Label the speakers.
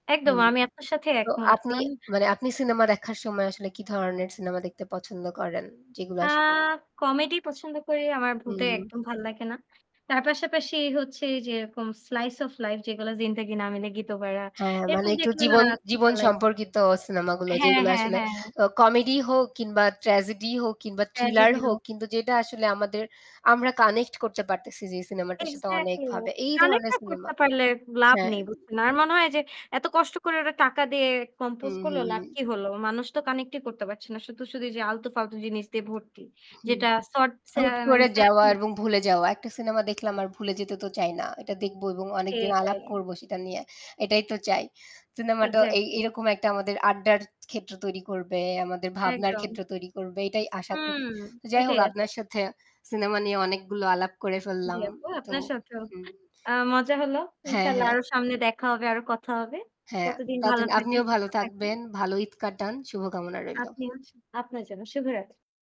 Speaker 1: একদম
Speaker 2: হুম।
Speaker 1: আমি আপনার সাথে
Speaker 2: তো
Speaker 1: একমত।
Speaker 2: আপনি
Speaker 1: কারণ
Speaker 2: মানে আপনি সিনেমা দেখার সময় আসলে কি ধরনের সিনেমা দেখতে পছন্দ করেন? যেগুলো
Speaker 1: আ
Speaker 2: আসলে
Speaker 1: Comedy পছন্দ করি। আমার ভূতে
Speaker 2: হুম।
Speaker 1: একদম ভাল লাগে না। তার পাশাপাশি হচ্ছে যেরকম slice of life যেগুলো "জিন্দেগি না মিলেগি দোবাড়া।"
Speaker 2: হ্যাঁ, মানে
Speaker 1: এরকম
Speaker 2: একটু
Speaker 1: দেখলে না
Speaker 2: জীবন
Speaker 1: খুব
Speaker 2: জীবন
Speaker 1: ভাল লাগে।
Speaker 2: সম্পর্কিত সিনেমাগুলো
Speaker 1: হ্যাঁ,
Speaker 2: যেগুলো
Speaker 1: হ্যাঁ,
Speaker 2: আসলে
Speaker 1: হ্যাঁ।
Speaker 2: আ comedy হোক কিংবা tragedy হোক কিংবা thriller
Speaker 1: Tragedy র
Speaker 2: হোক
Speaker 1: ও।
Speaker 2: কিন্তু যেটা আসলে আমাদের আমরা connect করতে পারতেছি যে সিনেমাটার সাথে
Speaker 1: Excatly,
Speaker 2: অনেকভাবে এই
Speaker 1: Connect
Speaker 2: ধরনের
Speaker 1: না
Speaker 2: সিনেমা
Speaker 1: করতে পারলে লাভ
Speaker 2: হ্যাঁ।
Speaker 1: নেই বুঝছেন। আর মনে হয় যে এত কষ্ট করে ওরা টাকা দিয়ে
Speaker 2: হু,
Speaker 1: compose
Speaker 2: হু,
Speaker 1: করলো, লাভ
Speaker 2: হু।
Speaker 1: কি হল? মানুষ তো connect ই করতে পারছে না। শুধু, শুধু যে আলতু-ফালতু জিনিস দিয়ে ভর্তি।
Speaker 2: হু।
Speaker 1: যেটা [unintelligible] এর
Speaker 2: হুট করে
Speaker 1: analysis
Speaker 2: যাওয়া
Speaker 1: [unintelligible]
Speaker 2: এবং ভুলে যাওয়া। একটা সিনেমা দেখলাম আর ভুলে যেতে তো চাই না। এটা দেখবো এবং অনেকদিন আলাপ
Speaker 1: এটাই।
Speaker 2: করবো সেটা নিয়ে। এটাই তো চাই। সিনেমাটা এ
Speaker 1: এক্সাক্টলি।
Speaker 2: এরকম একটা আমাদের আড্ডার ক্ষেত্র তৈরি করবে, আমাদের ভাবনার ক্ষেত্র
Speaker 1: একদম।
Speaker 2: তৈরি করবে এটাই আশা
Speaker 1: হুম।
Speaker 2: করি। তো যাই
Speaker 1: এটাই
Speaker 2: হোক
Speaker 1: আস
Speaker 2: আপনার সাথে সিনেমা নিয়ে অনেকগুলো আলাপ করে
Speaker 1: জ্বি,
Speaker 2: ফেললাম।
Speaker 1: আপু
Speaker 2: তো
Speaker 1: আপনার সাথেও
Speaker 2: হুম।
Speaker 1: আ মজা হল।
Speaker 2: হ্যাঁ,
Speaker 1: ইনশাআল্লাহ
Speaker 2: হ্যাঁ।
Speaker 1: আরো সামনে দেখা হবে, আরো কথা হবে।
Speaker 2: হ্যাঁ,
Speaker 1: কতদিন ভালো
Speaker 2: ততদিন
Speaker 1: থাকবেন,
Speaker 2: আপনিও
Speaker 1: সুস্থ
Speaker 2: ভালো
Speaker 1: থাকবেন।
Speaker 2: থাকবেন, ভালো ঈদ কাটান, শুভকামনা রইলো।
Speaker 1: আপনি সা আপনার জন্য শুভরাত্রি।